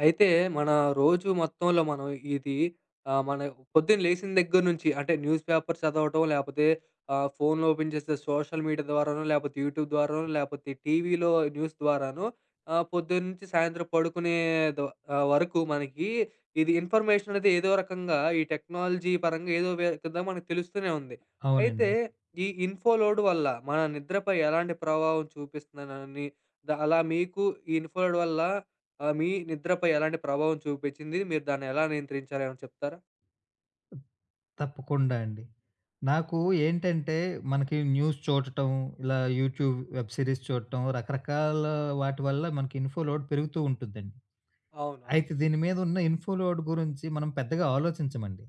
అయితే మన రోజు మొత్తంలో మనం ఇది ఆహ్, మన పొద్దున లేసిన దగ్గర నుంచి అంటే న్యూస్ పేపర్ చదవటం లేపోతే ఆహ్, ఫోన్లు ఓపెన్ చేస్తే సోషల్ మీడియా ద్వారానో లేపోతే యూట్యూబ్ ద్వారానో లేపోతే టీవీలో న్యూస్ ద్వారానో ఆహ్, పొద్దున్నుంచి సాయంత్రం పడుకునేదో ఆహ్, వరకు మనకీ ఇది ఇన్‌ఫర్‌మేషననేది ఏదోక రకంగా ఈ టెక్నాలజీ పరంగా ఏదో వే కింద మనకు తెలుస్తూనే ఉంది. అయితే అవునండి. ఈ ఇన్‌ఫో లోడ్ వల్ల మన నిద్రపై ఎలాంటి ప్రభావం చూపిస్తుందనని ద అలా మీకు ఈ ఇన్‌ఫో లోడ్ వల్ల ఆహ్, మీ నిద్రపై ఎలాంటి ప్రభావం చూపిచ్చింది? మీరు దాన్ని ఎలా నియంత్రించారో ఏమైనా చెప్తారా? తప్పకుండా అండి. నాకు ఏంటంటే మనకి న్యూస్ చూడటం, ఇలా యూట్యూబ్ వెబ్ సిరీస్ చూడటం, రకరకాల వాటి వల్ల మనకి ఇన్‌ఫో లోడ్ పెరుగుతూ ఉంటుందండి. అవును. అవును. అయితే దీని మీదున్న ఇన్‌ఫో లోడ్ గురించి మనం పెద్దగా ఆలోచించమండి.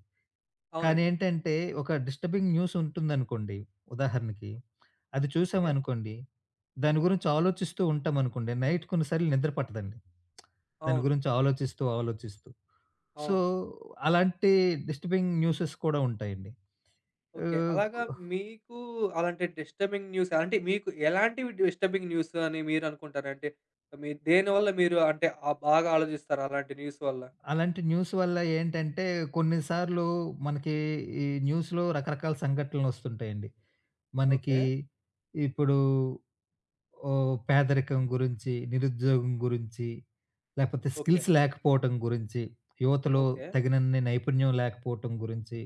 అవునండి. కానేంటంటే ఒక డిస్టర్బింగ్ న్యూసుంటుందనుకోండి. ఉదాహరణకి అది ఓకే. చూసామనుకోండి దాని గురించి ఆలోచిస్తూ ఉంటామనుకోండి నైట్ కొన్ని సార్లు నిద్ర పట్టదండి. దాని అవును. గురించి ఆలోచిస్తూ ఆలోచిస్తూ. సో అవును. అలాంటి డిస్టర్బింగ్ న్యూసెస్ కూడా ఉంటాయండి. ఏ ఓకే. అలాగా కు మీకూ అలాంటి డిస్టర్బింగ్ న్యూస్ అంటే మీకు ఎలాంటివి డిస్టర్బింగ్ న్యూసని మీరనుకుంటారంటే మీరు దేనివల్ల మీరు అంటే ఆ బాగా ఆలోజిస్తారు అలాంటి న్యూస్ వల్ల? అలాంటి న్యూస్ వల్ల ఏంటంటే కొన్నిసార్లు మనకీ ఈ న్యూస్‌లో రకరకాల సంఘటనలొస్తుంటాయండి. మనకీ ఓకే. ఇప్పుడూ ఓహ్! పేదరికం గురించి, నిరుద్యోగం గురించి లేపోతే ఓకే. స్కిల్స్ లేకపోవటం గురించి యువతలో ఓకే. తగినన్ని నైపుణ్యం లేకపోవటం గురించి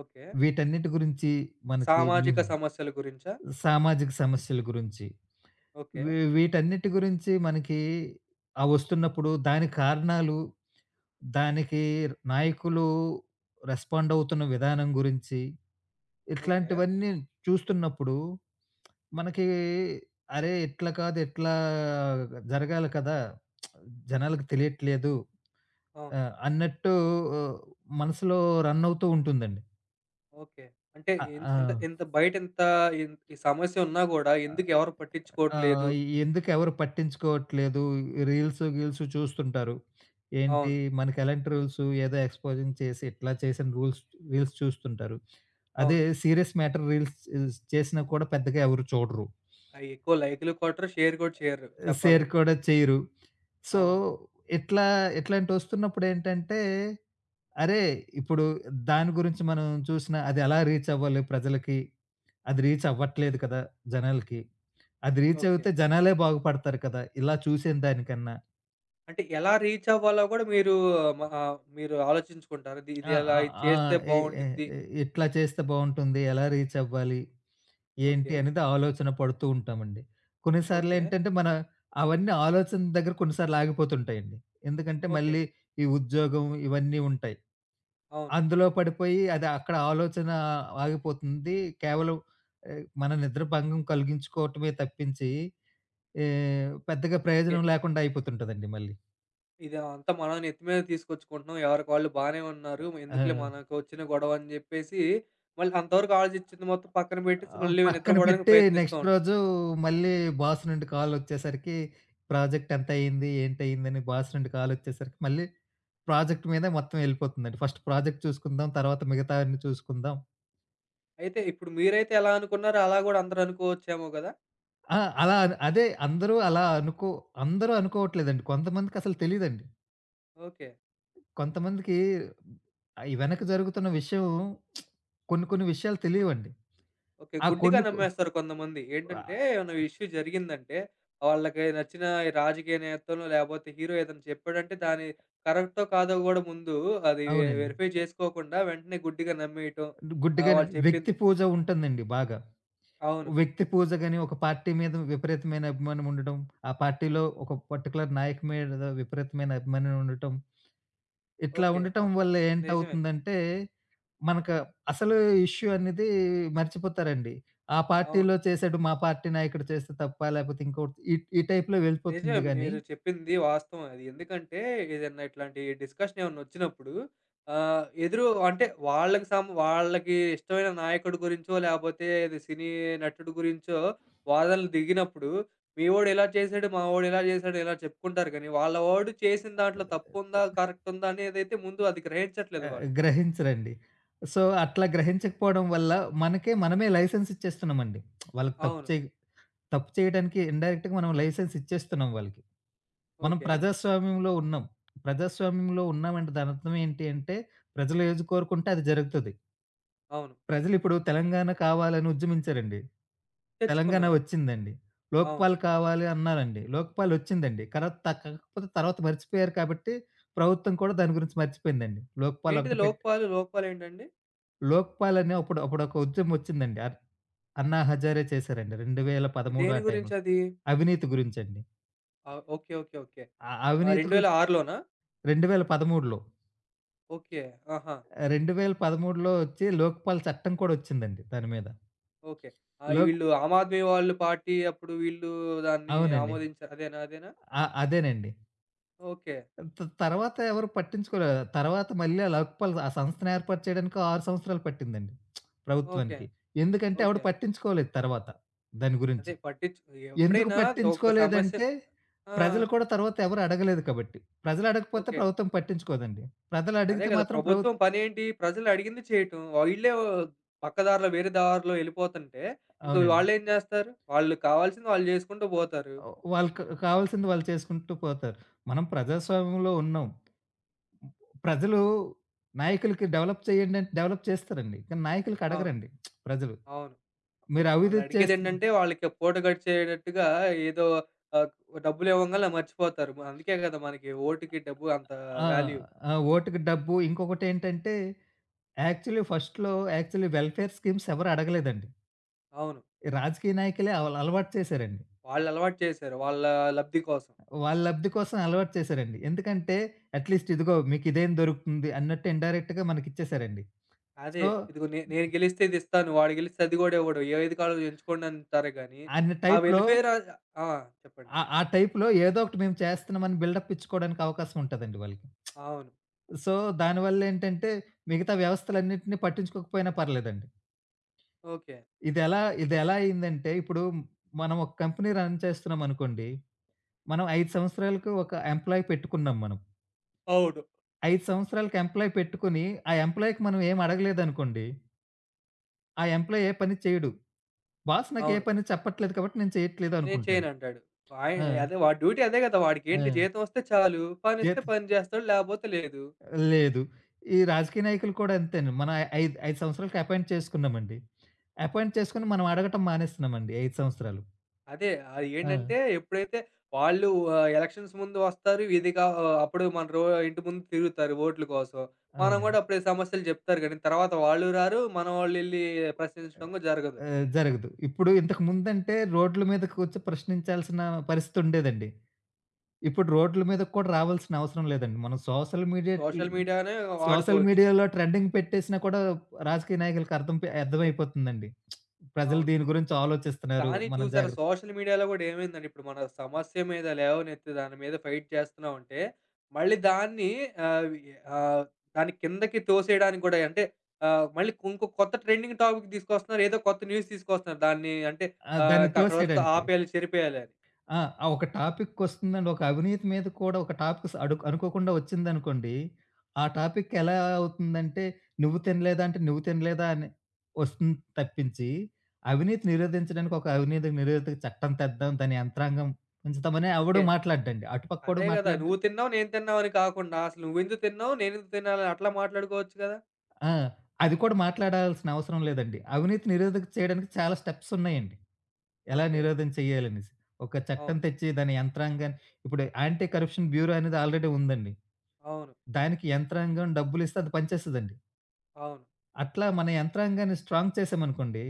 ఓకే. వీటన్నిటి గురించి మనకి న్యూ సామాజిక సమస్యల గురించా? సామాజిక సమస్యల గురించి ఓకే. వీ వీటన్నిటి గురించి మనకీ అవొస్తున్నప్పుడు దాని కారణాలు దానికి నాయకులు రెస్పాండవుతున్న విధానం గురించి ఓకే. ఇట్లాంటివన్నీ చూస్తున్నప్పుడు మనకీ అరే! ఇట్లా కాదు. ఇట్లా జరగాలి కదా! జనాలకి తెలియట్లేదు. అవును. ఆహ్, అన్నట్టూ ఉ మనసులో రన్నవుతూ ఉంటుందండి. ఓకే. అంటే ఆ! ఇం ఇంత ఆ! ఇంత బయట ఇంత ఇ సమస్య ఉన్నా గూడా ఆ ఎందుకు ఎవరు పట్టించుకోవట్లేదు? ఆహ్, ఎందుకు ఎవరు పట్టించుకోవట్లేదు రీల్సు, గీల్సు చూస్తుంటారు. ఏంటి అవును. మనకెలాంటి రూల్సు ఏదో ఎక్స్‌పొజింగ్ చేసి, ఇట్లా చేసిన రూల్స్ రీల్స్ చూస్తుంటారు. అదే అవును. సీరియస్ మ్యాటర్ రీల్స్ స్ చేసిన కూడా పెద్దగా ఎవరు చూడరు. అయి ఎక్కువ లైకులు కొట్టారు, షేర్ కూడా చెయ్యరు. సేర్ చెప్పాలంటే. కూడా చేయరు. సో, అవును. ఇట్లా ఇట్లాంటివి వస్తున్నప్పుడు ఏంటంటే, అరే! ఇప్పుడు దాని గురించి మనం చూసినా, అదెలా రీచ్ అవ్వాలి ప్రజలకి, అది రీచ్ అవ్వట్లేదు కదా! జనాలకి. అది రీచ్ ఓకే. అవుతే జనాలే బాగుపడతారు కదా! ఇలా చూసే దానికన్నా. అంటే ఎలా రీచ్ అవ్వాలో గూడా మీరు ఆహ్, మ ఆహ్, మీరు ఆలోచించుకుంటారా? ఇది ఆ ఇలా ఆ ఇది ఆ! చేస్తే ఏ ఏ బావుండిద్ది. ఏ ఎట్లా చేస్తే బావుంటుంది. ఎలా రీచ్ అవ్వాలి? ఏంటి? ఓకే. అనేది ఆలోచన పడుతుంటామండి. ఓకే. కొన్నిసార్లెంటంటే, మన అవన్నీ ఆలోచనల దగ్గర కొన్నిసార్లు ఆగిపోతుంటాయండి. ఎందుకంటే, ఓకే. మళ్ళీ ఈ ఉద్యోగం ఇవన్నీ ఉంటాయి. అవును. అందులో పడిపోయి అది అక్కడ ఆలోచన ఆగిపోతుంది. కేవలం ఆహ్, మన నిద్ర భంగం కలిగించుకోవటమే తప్పించి, ఎ పెద్దగా ఓకే. ప్రయోజనం లేకుండా అయిపోతుంటదండి మళ్ళీ. ఇదంతా మనమే నెత్తి మీద తీసుకొచ్చుకుంటున్నాం. ఎవరికి వాళ్ళు బానే ఉన్నారు. మేందుకులే ఆ! మనకోచ్చిన గొడవ? అని జెప్పేసి మళ్ళీ అంతవరకు ఆలోచిచ్చిది మొత్తం పక్కన పెట్టేసి ఆహ్, ఒక మళ్ళీ పక్కన నిద్రపోవడానికి పెట్టి ప్రయత్నిస్తా నెక్స్ట్ ఉంటాం. రోజు మళ్ళీ బాస్ నుండి కాలోచ్చేసరికి ప్రాజెక్ట్ ఎంతయింది? ఏంటయింది? అని బాస్ నుండి కాలోచ్చేసరికి మళ్ళీ ప్రాజెక్ట్ మీదే మొత్తం ఎళ్ళిపోతుందండి. ఫస్ట్ ప్రాజెక్ట్ చూసుకుందాం. తరువాత మిగతావన్నీ చూసుకుందాం. అయితే ఇప్పుడు మీరైతే ఎలా అనుకున్నారో, అలా గూడా అందరూ అనుకోవచ్చేమో గదా! ఆ! అలాన్ అదే. అందరు అలా అనుకో అందరు అనుకోవట్లేదండి, కొంతమందికసలు తెలీదండి. ఓకె. కొంతమందికి ఆహ్, ఈ వెనక జరుగుతున్న విషయం కొన్ని కొన్ని విషయాలు తెలీవండి. ఓకె. ఆ గుడ్డిగా కొన్నుకు నమ్మేస్తారు కొందమంది. వహ్ ఏంటంటే, ఏమైనా ఇష్యూ జరిగిందంటే, వాళ్ళకి నచ్చిన ఈ రాజకీయ నేతల‌నో, లేకపోతే హీరో ఏదైనా చెప్పాడంటే దాన్ని కరెక్టో కాదో గూడా ముందు అది వె అవునండీ. వెరిఫై జేసుకోకుండా వెంటనే గుడ్డిగా నమ్మేయటం, డు ఆహ్ గుడ్డిగానే వాళ్ళు చెప్పింది వ్యక్తి పూజ ఉంటందండి బాగా. అవును. వ్యక్తి పూజ గాని ఒక పార్టీ మీద విపరీతమైన అభిమానం ఉండటం. ఆ పార్టీ‌లో ఒక పర్టిక్యులర్ నాయక్ మీడద విపరీతమైన అభిమానం ఉండటం. ఇట్లా ఓకె. అ ఉండటం వల్ల నిజమే. ఏంటవుతుందంటే, మనకు అసలు ఇష్యూ అనేది మర్చిపోతారండి. ఆ అవును. పార్టీలో చేసాడు మా పార్టీ నాయకుడు చేస్తే తప్పా లేకపోతే ఇంకొడ్ ఈ ఈ టైప్‌లో నిజమే. వెళ్ళిపోతుంది గాని మీరు చెప్పింది వాస్తవమే. అది ఎందుకంటే, ఏదన్నా ఇట్లాంటి డిస్‌కషన్ ఏమన్నా ఒచ్చినప్పుడు, ఆహ్, ఎదురు అంటే వాళ్ళకి సం వాళ్ళకి ఇష్టమైన నాయకుడి గురించో లేపోతే అది సినీ నటుడు గురించో వాదనలు దిగినప్పుడు, మీవోడు ఇలా చేసాడు. మావోడు ఇలా చేసాడు. ఇలా చెప్పుకుంటారు గానీ వాళ్ళ వోడు చేసిన దాంట్లో తప్పుందా తహ్ కరెక్ట్ ఉందా అనేదైతే ముందు అది గ్రహించట్లేదు ఆహ్, వాళ్ళు. గ్రహించరండి. సో అట్లా గ్రహించకపోవడం వల్ల మనకే మనమే లైసెన్స్ ఇచ్చేస్తున్నామండి. వాళ్ళకి తప్పు అవును. చే తప్పు చేయడానికి ఇన్‌డైరెక్ట్‌గా మనం లైసెన్స్ ఇచ్చేస్తున్నాం వాళ్ళకి. మనం ఓకె. ప్రజాస్వామ్యంలో ఉన్నాం. ప్రజాస్వామ్యంలో ఉన్నామంటే దానర్థమేంటి అంటే ప్రజలు ఏజీ కోరుకుంటే అది జరుగుతది. అవును. ప్రజలిప్పుడు తెలంగాణ కావాలని ఉజ్జమించారండి. తెలంగాణ తెచ్చుకున్నారు. ఒచ్చిందండి. అవును. లోక్పాల్ కావాలి అన్నారండి. లోక్పాల్ ఒచ్చిందండి. కలత్ తక్ కలత్ తర్వాత మర్చిపోయారు కాబట్టి ప్రభుత్వం కూడా దాని గురించి మర్చిపోయిందండి. లోక్పాల్ ఏంటిది ఒకటి పెట్ లోపాలు లోపాలేంటండి? లోక్పాల్ అనే అప్పుడు అప్పుడొక ఉద్యమం ఒచ్చిందండి. ఆర్ అన్నా హజారే చేసారండి. రెండువేల ఇ పదమూడు దేని ఆ టైమ్‌లో గురించది? అవినీతి గురించండి. ఆ! ఓకే. ఓకే. ఓకే. అ ఆ అవినీతి రెండు వేల గురిం ఆరులోనా? 2013లో ఓకే. ఆహా! ఆహ్, 2013లో ఒచ్చి లోక్పాల్ చట్టం కూడొచ్చిందండి దాని మీద. ఓకే. ఆయ్! లోక్ వీళ్ళు ఆమ్ ఆద్మీ వాళ్ళు పార్టీ అప్పుడు వీళ్ళు దాన్ని అవునండి. ఆమోదించారు అదేనా? అదేనా? ఆ! అదేనండి. ఓకే. ఆహ్, త తరువాత ఎవరు పట్టించుకోలేదు. తరువాత మళ్ళీ ఆ లోక్పాల్ ఆ సంస్థనెర్పాటు చేయడానికి 6 సంవత్సరాలు పట్టిందండి ఓకే. ప్రభుత్వానికి. ఎందుకంటే ఎవడు ఓకే. పట్టించుకోలేదు తరువాత దాని గురించి. అదే పట్టించుకో ఎందుకు ఎప్పుడైనా ఒక సమస్య పట్టించుకోలేదంటే ఆ! ప్రజలు కూడా తర్వాత ఎవరు అడగలేదు కాబట్టి. ప్రజలు అడగకపోతే ఓకే. ప్రభుత్వం పట్టించుకోదండి. ప్రజలు అదే అడిగితే గదా! మాత్రం ప్రభుత్ ప్రభుత్వం పనేంటి? ప్రజలు అడిగింది చేయటం. ఈ వీళ్ళే పక్క దారిలో వేరే దారిలో ఎళ్ళిపోతుంటే ఇంక అవునండి. వాళ్ళేం జేస్తారు. వాళ్ళకి కావాల్సింది వాళ్ళు జేసుకుంటూ బోతారు. ఆహ్, వాళ్ళకి కావాల్సింది వాళ్ళు చేసుకుంటూ పోతారు. మనం ప్రజాస్వామ్యంలో ఉన్నాం. హ్మ్. ప్రజలు నాయకులకి డెవలప్ చేయండి అంటే డెవలప్ చేస్తారండి. కానీ నాయకులకు అవును. అడగరండి ప్రజలు. అవును. మీరు వాళ్ళు అభివృద్ధి చేస్తున్నా అడిగేదేంటంటే వాళ్ళకి పూట గడిచేటట్టుగా ఏదో ఆహ్, డబ్బులివ్వంగానలే ఆహ్, మర్చిపోతారు. ఆహ్, అందుకే కదా! మనకి వోటుకి డబ్బు అంత ఆ! వాల్యూ. ఆహ్, వోట్‌కి డబ్బు ఇంకొకటేంటంటే యాక్చువల్లీ ఫస్ట్‌లో, యాక్చువల్లీ వెల్ఫేర్ స్కీమ్స్ ఎవరడగలేదండి. అవును. రాజకీయ నాయకులే అల్ అలవాటు చేసారండి. వాళ్ళులవాటు చేసారు. వాళ్ళా లబ్ది కోసం. వాళ్ళ లబ్ది కోసం అలవాటు చేసారండి. ఎందుకంటే అట్లీస్ట్ ఇదిగో మీకు ఇదేం దొరుకుతుంది అన్నట్టు ఇండైరెక్ట్‌గా మనకిచ్చేసారండి. అదే సో ఇదిగో నే నేను గెలిస్తే ఇదిస్తాను. వాడు గెలిస్తే అది గూడా ఇవ్వడు. ఏ ఏది కావాలో ఎంచుకోండి అంటారే గాని అన్న ఆ టైపులో వెల్ఫేరా ఆ! చెప్పండి. ఆహ్, ఆ టైపులో ఏదోకటి మేం చేస్తున్నాం అని బిల్డప్ ఇచ్చుకోవడానికి అవకాశం ఉంటదండి వాళ్ళకి. అవును. సో దానివల్లేంటంటే మిగతా వ్యవస్థలన్నిటిని పట్టించుకోకపోయినా పర్లేదండి. ఓకే. ఇదెలా ఇదెలా అయిందంటే ఇప్పుడు మనం ఒక కంపెనీ రన్ చేస్తున్నాం అనుకోండి. మనం 5 సంవత్సరాలకు ఒక ఎంప్లాయీ పెట్టుకున్నాం మనం. అవును. 5 సంవత్సరాలకి ఎంప్లాయీ పెట్టుకొని ఆ ఎంప్లాయీ‌కి మనమేమడగలేదనుకోండి ఆ ఎంప్లాయీ ఏ పని చేయడు. బాస్ నాకే అవును. పని చెప్పట్లేదు కాబట్టి నేను నేను చెయ్యట్లేదనుకుంటాడు. చేయనంటాడు. వాయి ఆ! అదే వాడి డ్యూటీ అదే గదా! వాడికేంటి ఆ! జీతమొస్తే చాలు జీత పనిస్తే పని జేస్తాడు లేపోతే లేదు. లేదు. ఈ రాజకీయ నాయకులు కూడా అంతేను. మనా ఐదు ఐదు సంవత్సరాలకి అపాయింట్ చేసుకున్నామండి. అపాయింట్ చేసుకొని మనం అడగటం మానేస్తున్నామండి ఈ 5 సంవత్సరాలు. అదే ఆహ్, ఏంటంటే ఆ! ఎప్పుడైతే వాళ్ళు ఆ ఎలక్షన్స్ ముందు వస్తారు విదిగా ఆహ్, అప్పుడు మన రో ఇంటి ముందు తిరుగుతారు వోట్లు కోసం. మనం అవునండి. గూడా అప్పుడే సమస్యలు జెప్తారు గాని తర్వాత వాళ్ళు రారు మనవాళ్ళేళ్లి ప్రశ్నించడం గూడా జరగదు. ఆ! జరగదు. ఇప్పుడు ఇంతకు ముందంటే రోడ్ల మీద కూర్చొని ప్రశ్నించాల్సిన పరిస్థితుండేదండి. ఇప్పుడు రోడ్లు మీదకి కూడా రావాల్సిన అవసరం లేదండి. మనం సోషల్ మీడియా ఈ సోషల్ మీడియానే సోషల్ వాడుకోవచ్చు. మీడియాలో ట్రెండింగ్ పెట్టేసినా కూడా రాజకీయ నాయకులకు అర్థం పే అర్థమైపోతుందండి. ప్రజలు అవును. దీని గురించి ఆలోచిస్తున్నారు. కానీ మనం చూశారా? జాగ్రత్త సోషల్ మీడియాలో గూడా ఏమైందంటే, ఇప్పుడు మన సమస్య మీద లేవనెత్తి దాని మీద ఫైట్ చేస్తున్నామంటే మళ్ళీ దాన్ని ఆవి ఆహ్, దాన్ని కిందకి తోసేయడానికి గూడాయి అంటే ఆహ్ మళ్ళీ ఇంకో కొత్త ట్రెండింగ్ టాపిక్ దీసుకొస్తున్నారు. ఏదో కొత్త న్యూస్ తీసుకొస్తున్నారు దాన్ని అంటే ఆ! ఆహ్, దాన్ని ఇంకక్కడ వరకు‌తో తోసేయడానికి. ఆపేయాలి చెరిపేయాలని. ఆ! అవ్ ఒక టాపికొస్తుందండి. ఒక అవినీతి మీద కూడా ఒక టాపిక్స్ అడు అనుకోకుండా ఒచ్చిందనుకోండి, ఆ టాపిక్ ఎలా అవుతుందంటే నువ్వు తినలేదంటే, నువ్వు తినలేదా? అని ఒస్తుంది తప్పించి అవినీతి నిరోధించడానికి ఒక అవినీతి నిరోధక చట్టం తెద్దాం దాని యంత్రాంగం ఉంచుతామని ఎవ్వడు ఓకే. మాట్లాడ్డండి. అటుపక్కోడు అదే గదా! మాట్లాడ్డు. నువ్వు తిన్నావు, నేను తిన్నావని కాకుండా అసలు నువ్వెందుకు తిన్నావు? నేనెందుకు తినాలా? అట్లా మాట్లాడుకోవచ్చు గదా! ఆ! అది కూడా మాట్లాడాల్సిన అవసరం లేదండి. అవినీతి నిరోధకం చేయడానికి చాలా స్టెప్సున్నయండి, ఎలా ఓకె. నిరోధం చేయాలనేసి. ఒక చట్టం అవును. తెచ్చి, దాని యంత్రాంగాన్ని ఇప్పుడు యాంటీ కరప్షన్ బ్యూరో అనేది ఆల్రెడీ ఉందండి. అవును. దానికి యంత్రాంగం డబ్బులిస్తే అది పనిచేస్తదండి. అవును. అట్లా మన యంత్రాంగాన్ని స్ట్రాంగ్ చేసామనుకోండి.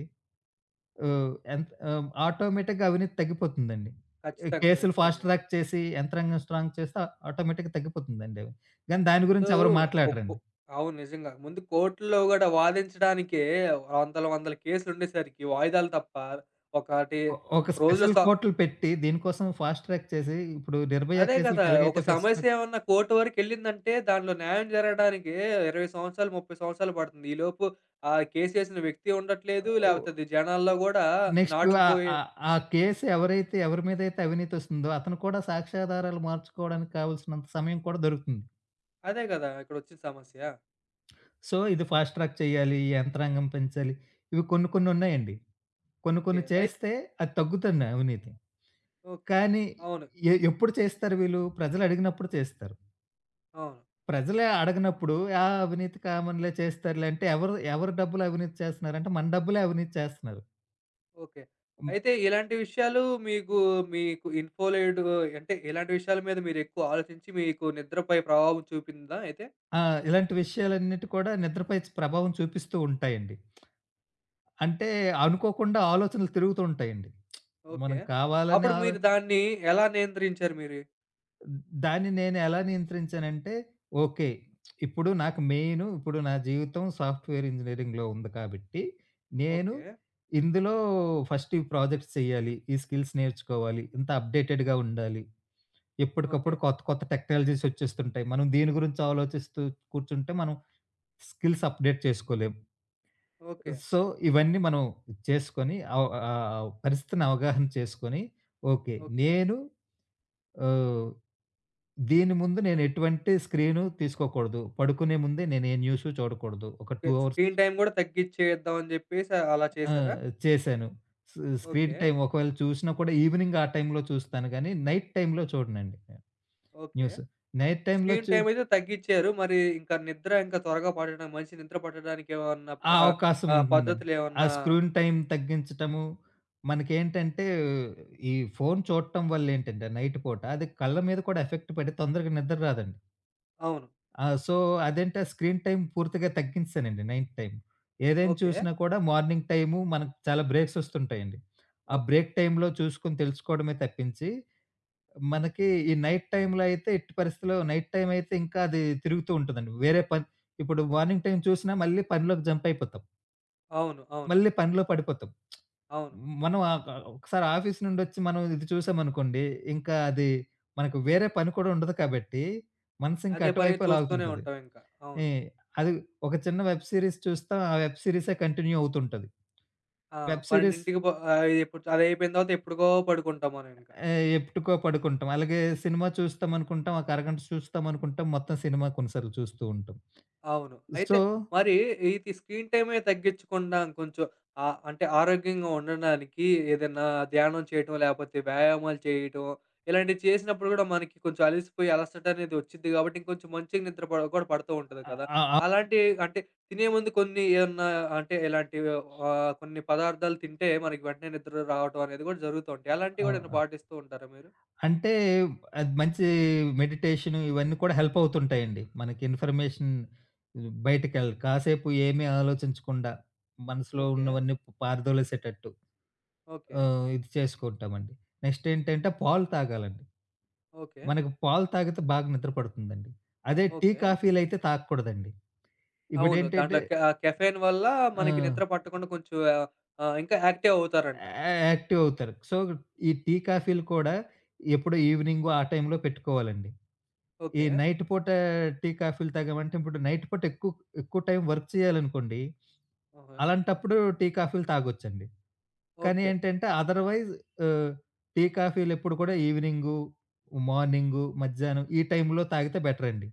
అవ్ యంత్ ఆహ్, ఆటోమేటిక్‌గా అవినీతి తగ్గిపోతుందండి. ఈ ఖచ్చితంగా. కేసులు ఫాస్ట్ ఖచ్చితంగా. ట్రాక్ చేసి, యంత్రాంగం స్ట్రాంగ్ చేస్తే, ఆటోమేటిక్‌గా తగ్గిపోతుందండి అవి. గానీ, దాని ముందు గురించి ఎవరు కోకో మాట్లాడరండి. అవును. నిజంగా. ముందు కోర్ట్‌లో గూడా వాదించడానికే వందల, వందల కేసులు ఉండేసరికి, వాయిదాలు తప్ప. ఒకటి ఒ ఒక ఒక రోజులో స్పెషల్ సా కోర్టులు పెట్టి, దీని కోసం ఫాస్ట్ ట్రాక్ చేసి, ఇప్పుడు నిర్భయ అదే గదా! కేసులకి ఒక ఎలాగైతే ఫస్ట్ ట్రాక్ సమస్య ఏమన్నా కోర్ట్ వరకెళ్ళిందంటే, దాంట్లో న్యాయం జరగడానికే 20 సంవత్సరాలు, 30 సంవత్సరాలు బడుతుంది. ఈ లోపు ఆ కేస్ వేసిన వ్యక్తి ఉండట్లేదు. ఆహ్, ఉ లేపోతే అది జనాల్లో గూడా నెక్స్టు ఆహ్, నాటుకుపోయి ఆహ్, ఆ కేస్ ఎవరైతే, ఎవరి మీదైతే అవినీతి ఒస్తుందో, అతను కూడా సాక్ష్యాధారాలు మార్చుకోవడానికి కావాల్సినంత సమయం కూడా దొరుకుతుంది. అదే గదా! ఇక్కడొచ్చిన సమస్య. సో, ఇది ఫాస్ట్ ట్రాక్ చేయాలి, ఈ యంత్రాంగం పెంచాలి. ఇవి కొన్ని, కొన్ని ఉన్నాయండి. కొన్ని, ఓకె. కొన్ని అయి చేస్తే, అది తగ్గుతుంది అవినీతి. ఓహ్! కానీ అవును. ఎ ఎప్పుడు చేస్తారు వీళ్ళు? ప్రజలు అడిగినప్పుడు చేస్తారు. అవును. ప్రజలే అడగనప్పుడు ఆ అవినీతి కామన్లే చేస్తారులే అంటే ఎవరు ఎవరి డబ్బులు అవినీతి చేస్తున్నారంటే మన డబ్బులే అవినీతి చేస్తున్నారు. ఓకే. అయితే ఇలాంటి విషయాలు మీకు మీకు ఇన్ఫోలైట్‌గో అంటే ఇలాంటి విషయాల మీద మీరెక్కువ ఆలోచించి మీకు నిద్రపై ప్రభావం చూపిందా అయితే? ఆ! ఇలాంటి విషయాలన్నిటి కూడా నిద్రపై ప్రభావం చూపిస్తూ ఉంటాయండి. అంటే అనుకోకుండా ఆలోచనలు తిరుగుతూ ఉంటాయండి. ఓకే. కావాలని అప్పుడు ఆలో మీరు దాన్ని ఎలా నియంత్రించారు మీరు? దాన్ని నేనెలా నియంత్రించానంటే. ఓకే. ఇప్పుడు నాకు మెయిను ఇప్పుడు నా జీవితం సాఫ్ట్‌వేర్ ఇంజినీరింగ్‌లో ఉంది కాబట్టి, నేను ఓకే. ఇందులో ఫస్ట్ ఈ ప్రాజెక్ట్స్ చెయ్యాలి ఈ స్కిల్స్ నేర్చుకోవాలి. ఇంత అప్డేటెడ్‌గా ఉండాలి. ఎప్పటికప్పుడు ఓకే. కొత్త కొత్త టెక్నాలజీసొచ్చేస్తుంటాయి. మనం దీని గురించి ఆలోచిస్తూ కూర్చుంటే మనం స్కిల్స్ అప్డేట్ చేసుకోలేం. ఓకే. సో ఇవన్నీ మనం చేసుకొని ఆవ్ ఆహ్, ఆవ్ పరిస్థితిని అవగాహన చేసుకొని. ఓకే. ఓకే. నేను ఆహ్, దీని ముందు నేనెటువంటి స్క్రీను తీసుకోకూడదు. పడుకునే ముందే నేను ఏ న్యూసు చూడకూడదు ఒక 2 అవర్స్ స్క్రీన్ టైమ్ గూడా తగ్గిచ్చేద్దాం అని జెప్పేసి అలా ఆ! చేసారా? చేసాను. స్ స్క్రీన్ ఓకే. టైమ్ ఒకవేళ చూసినా కూడా ఈవినింగ్ ఆ టైమ్‌లో చూస్తాను గానీ నైట్ టైమ్‌లో చూడనుండి నేను ఓకే. న్యూస్. నైట్ టైమ్‌లో స్క్రీన్ చు టైమయితే తగ్గిచ్చారు. మరి ఇంక నిద్ర ఇంకా త్వరగా పట్టడా మంచి నిద్ర పట్టడానికేమన్నా ఆ ప్ర ఆహ్, అవకాశం ఆహ్, ఉంటుందండి. ఆ పద్ధతులేమన్నా స్క్రూన్ టైమ్ తగ్గించటము. మనకేంటంటే ఈ ఫోన్ చూడటం వల్లేంటంటే నైట్ పూట, అది కళ్ళ మీద కూడా ఎఫెక్ట్ పడి తొందరగా నిద్ర రాదండి. అవును. ఆ! సో అదంటే, ఆ స్క్రీన్ టైమ్ పూర్తిగా తగ్గించేసానండి నైట్ టైమ్. ఏదైనా ఓకే. చూసినా కూడా మార్నింగ్ టైము మనకు చాలా బ్రేక్సొస్తుంటాయండి. ఆ ఓకే. బ్రేక్ టైమ్‌లో చూసుకొని తెలుసుకోవడమే తప్పించి, మనకి ఈ నైట్ టైమ్‌లో అయితే ఎట్టి పరిస్థితిలో నైట్ టైమయితే ఇంకా అది తిరుగుతూ ఉంటదండి. వేరే పని ఇప్పుడు మార్నింగ్ టైమ్ చూసినా మళ్ళీ పనిలోకి జంపయిపోతాం. అవును. అవును. మళ్ళీ పనిలో పడిపోతాం. అవును. మ మనం ఆహ్ గ ఒకసారి ఆఫీస్ నుండొచ్చి మనం ఇది చూసామనుకోండి. ఇంకా అది మనకు వేరే పని కూడా ఉండదు కాబట్టి, మనసింకా అదే పనిగా చూస్తూనే అటువైపే‌లాగుతుంటది. ఉంటాం ఇంకా. ఈ అవును. అది ఒక చిన్న వెబ్ సీరీస్ చూస్తాం. ఆ వెబ్ సీరీసే కంటిన్యూ అవుతుంటది. ఆ! వెబ్ సీరీస్ 12:00 ప ఆహ్, ఇ ఇప్పుడు చ అదైపోయిన తవాత ఎప్పుడుకో పడుకుంటాం మనమింక. ఆహ్, ఎప్పుటికో పడుకుంటాం. అలగే సినిమా చూస్తామనుకుంటాం. ఒక అరగంట సుస్తాం అనుకుంటాం. మొత్తం సినిమా కొన్ని సార్లు చూస్తూ ఉంటాం. అవును. అయితే సో మరీ ఈ తి స్క్రీన్ టైమే తగ్గించకుండా ఇంకొంచుం ఆహ్, అంటే ఆరోగ్యంగా ఉండడానికి ఏదన్నా ధ్యానం చేయటమో లేపోతే వ్యాయామాలు చేయటమో ఇలాంటివి చేసినప్పుడు గూడా మనకి కొంచెం అలసిపోయి అలసటనేది ఒచ్చిద్ది గాబట్టి ఇంకొంచుం మంచిగా నిద్ర పడ గూడా పడుతూంటది అ గదా! ఆ! ఆ! అలాంటీ అంటే తినే ముందు కొన్ని ఏమన్నా అంటే ఇలాంటివి ఒహ్ ఆహ్, కొన్ని పదార్థాలు తింటే మనకి వెంటనే నిద్ర రావటం అనేది గూడా జరుగుతుంటాయి. అలాంటివి అవు గూడా ఏమైనా ఆహ్ పాటిస్తూ ఉంటారా మీరు? అంటే అది మంచి మెడిటేషను ఇవన్నీ కూడా హెల్పవుతుంటాయండి. మనకి ఇన్‌ఫర్‌మేషన్ హ్మ్. బయటికెళ్ కాసేపు ఏమి ఆలోచించకుండా మనసులో ఓకే. ఉన్నవన్నీ పారదోలేసేటట్టు. ఓకే. ఆహ్, ఇది చేసుకుంటామండి. నెక్స్టేంటంటే పాలు తాగాలండి. ఓకే. మనకు పాలు తాగితే బాగా నిద్ర పడుతుందండి. అదే టీ, ఓకే. కాఫీలైతే తాగకూడదండి. అవును. ఇప్పుడేంటంటే దాంట్లో క కెఫేన్ వల్లా మనకి ఆక్ నిద్ర పట్టకుండా కొంచెం ఆహ్, ఆహ్ ఇంకా యాక్టివ్ అవుతారంట. అ అ యాక్టివవుతారు. సో ఈ టీ, కాఫీలు కూడా ఎప్పుడో ఈవినింగ్ ఆ టై‌మ్‌లో పెట్టుకోవాలండి. ఈ ఓకే. నైట్ పూట టీ, కాఫీలు తాగామంటే ఇప్పుడు నైట్ పూట ఎకుక్ ఎక్కువ టైం వర్క్ చేయాలనుకోండి ఓహో! అలాంటప్పుడు టీ, కాఫీలు తాగొచ్చండి. కానీ ఓకే. ఏంటంటే అథర్‌వైజ్ ఆహ్, టీ, కాఫీలెప్పుడు కూడా ఈవినింగు, మార్నింగు, మధ్యాహ్నం ఈ టైములో తాగితే బెటరండి.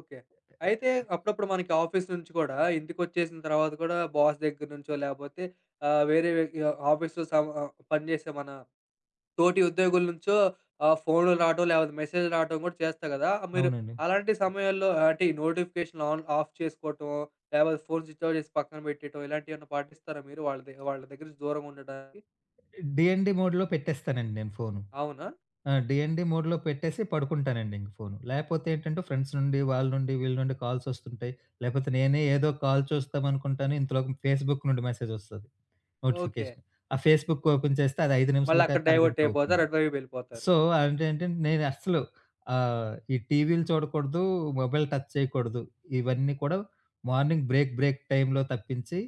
ఓకే. ఎ అ అయితే అహ్ అప్పుడప్పుడు మనకి ఆఫీస్ నుంచి గూడా ఇంటికొచ్చేసిన తర్వాత గూడా బాస్ దగ్గర నుంచో లేపోతే ఆహ్, వేరే వే ఆహ్, ఆఫీసులు సం ఆహ్, పని జేసేమనా తోటి ఉద్యోగుల నుంచో ఆహ్, ఫోన్‌లు రావటం లేపోతే మెసేజ్‌‌లు రావటం గూడా చేస్తా గదా! ఆహ్, మీరు అవునండి. అలాంటి సమయాల్లో ఆహ్ అంటే ఈ నోటిఫికేషనులు ఆన్ ఆఫ్ చేసుకోటమో లేపోతే ఫోన్ స్విచ్ఆఫ్ జేసి పక్కన బెట్టేయడం ఇలాంటివేమన్నా పాటిస్తారా మీరు వాళ్ళదే వాళ్ళ దగ్గర నుంచి దూరంగా ఉండడానికి? డిఎన్‌డి మోడ్‌లో పెట్టేస్తానండి నేను ఫోను. అవునా? ఆ! డిఎన్‌డి మోడ్‌లో పెట్టేసి పడుకుంటానండి ఇంక ఫోను. లేపోతే ఏంటంటే, ఫ్రెండ్స్ నుండి, వాళ్ళ నుండి, వీళ్ళ నుండి, కాల్సొస్తుంటాయి. లేకపోతే నేనే ఏదో కాల్ చూస్తామనుకుంటాను, ఇంతలోకి ఫేస్‌బుక్ నుండి మెసేజొస్తది. ఓకే. నోటిఫికేషన్. ఆ ఫేస్‌బుక్ ఒక్ ఓపెన్ చేస్తే అది 5 నిమిషాల మళ్ళక్కడ కాక అరగంట అవుతుంది. డైవర్టైపోతారు. అటువైపెళ్ళిపోతారు. సో అది ఏంటంటే, నేనస్సలు ఆహ్, ఈ టీవీలు చూడకూడదు, మొబైల్ టచ్ చేయకూడదు. ఇవన్నీ కూడా మార్నింగ్ బ్రేక్ బ్రేక్ టైమ్‌లో తప్పించి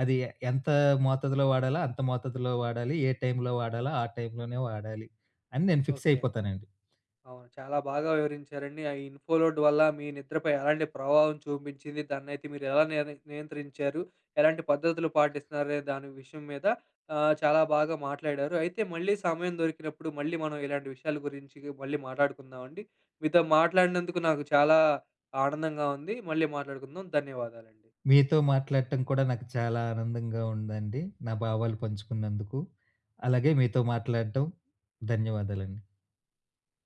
అది ఎ ఎంత మోతాదులో వాడాలో, అంత మోతాదులో వాడాలి. ఏ టైంలో వాడాలో ఆ టైంలో వాడాలి అని నేను ఫిక్స్ ఓకే. అయిపోతానండి. అవును. చాలా బాగా వివరించారండి. ఆ ఇన్‌‌ఫో‌లోడ్ వల్ల మీ నిద్రపై ఎలాంటి ప్రభావం చూబించింది, దాన్నైతే మీరెలా నియన్ నియంత్రించారు, ఎలాంటి పద్ధతులు పాటిస్తున్నారనె దాని విషయం మీద ఆహ్, చాలా బాగా మాట్లాడారు. అయితే మళ్ళీ సమయం దొరికినప్పుడు మళ్ళీ మనం ఇలాంటి విషయాల గురించి మళ్ళీ మాట్లాడుకుందామండి. మీతో మాట్లాడినందుకు, నాకు చాలా ఆనందంగా ఉంది. మళ్ళీ మాట్లాడుకుందాం. ధన్యవాదాలండి. మీతో మాట్లాట్టం కూడా నాకు చాలా ఆనందంగా ఉందండి. నా భావాలు పంచుకున్నందుకు. అలాగే మీతో మాట్లాట్టం. ధన్యవాదాలండి.